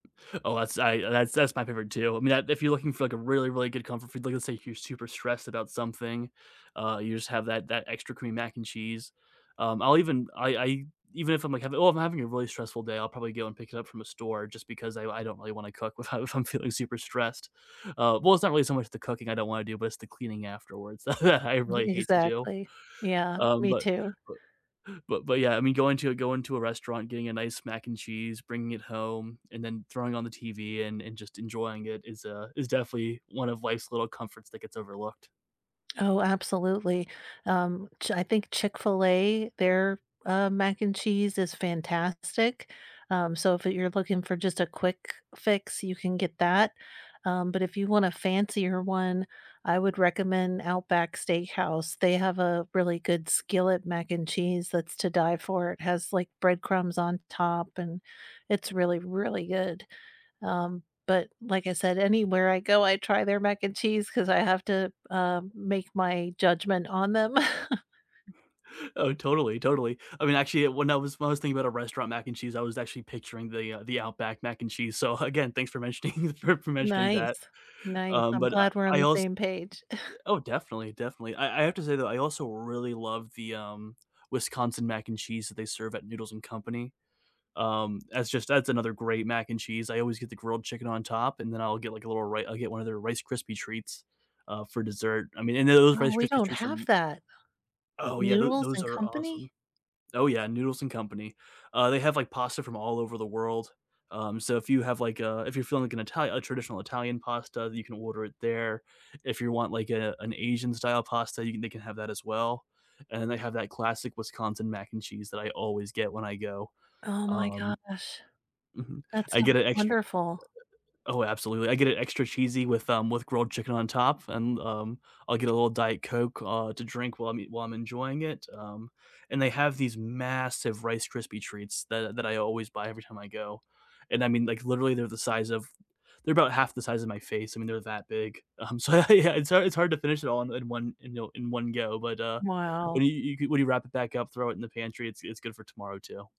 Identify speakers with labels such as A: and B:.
A: Oh that's I uh, that's that's my favorite too, I mean, I if you're looking for, like, a really, really good comfort food, like, let's say if you're super stressed about something, uh, you just have that that extra creamy mac and cheese, um, I'll even, I I e even if I'm, like, having well, if I'm having a really stressful day, I'll probably go and pick it up from a store just because I I don't really wanna cook with how if I'm feeling super stressed, uh, well, it's not really so much the cooking I don't wanna do, but it's the cleaning afterwards that I I
B: Ye
A: really hate to do,
B: Exactly, yeah,
A: um,
B: me
A: but
B: too.
A: but but but yeah, I mean, going to a going to a restaurant, getting a nice mac and cheese, bringing it home, and then throwing on the TV and and just enjoying it is, uh, is definitely one of life's little comforts that gets overlooked.
B: Oh, absolutely, um, Ch I think Chick-fil-A, their, uh, mac and cheese is fantastic, um, so if you're looking for just a quick fix, you can get that, um, but if you want a fancier one, I would recommend Outback Steakhouse, they have a really good skillet mac and cheese that's to die for, it has, like, bread crumbs on top and it's really, really good. Um, but like I said, anywhere I go, I try their mac and cheese 'cause I have to, um, make my judgment on them.
A: Oh, totally, totally. I mean, actually it when I was when I was thinking about a restaurant mac and cheese, I was actually picturing the, uh, the Outback mac and cheese, so again, thanks for mentioning for for mentioning that,
B: Nice, nice,
A: um,
B: I'm
A: but, uh,
B: glad we're on
A: I
B: the
A: als
B: same page.
A: th oh, definitely, definitely, I I have to say though, I also really love the, um, Wisconsin mac and cheese that they serve at Noodles and Company. Um, that's just that's another great mac and cheese, I always get the grilled chicken on top, and then I'll get like a little ri I'll get one of their Rice Krispie treats, uh, for dessert, I mean and tho those
B: Oh,
A: Rice
B: we
A: Krispie
B: don't
A: treats are
B: have
A: m
B: that.
A: Oh yeah, tho
B: Noodles
A: those
B: and
A: are awesome.
B: Company?
A: Oh yeah, Noodles and Company. Uh, they have, like, pasta from all over the world, um, so if you have, like, a if you're feeling like an Itali a traditional Italian pasta, you can order it there, if you want, like, a an Asian style pasta, you can they can have that as well, and then they have that classic Wisconsin mac and cheese that I always get when I go,
B: Oh my
A: um
B: gosh.
A: Mhm,
B: That's
A: I
B: sounds
A: get it extr
B: wonderful.
A: Oh, absolutely, I get it extra cheesy with, um, with grilled chicken on top, and, um, I'll get a little Diet Coke, uh, to drink while I'm ea while I'm enjoying it, um, and they have these massive Rice Krispie treats that that I always buy every time I go, and I mean, like, literally they're the size of they're about half the size of my face, I mean, they're that big, um, so, yeah yeah, it's hard it's hard to finish it all in in one in yo in one go, but, uh,
B: Wow.
A: when you you could when you wrap it back up, throw it in the pantry, it's it's good for tomorrow too.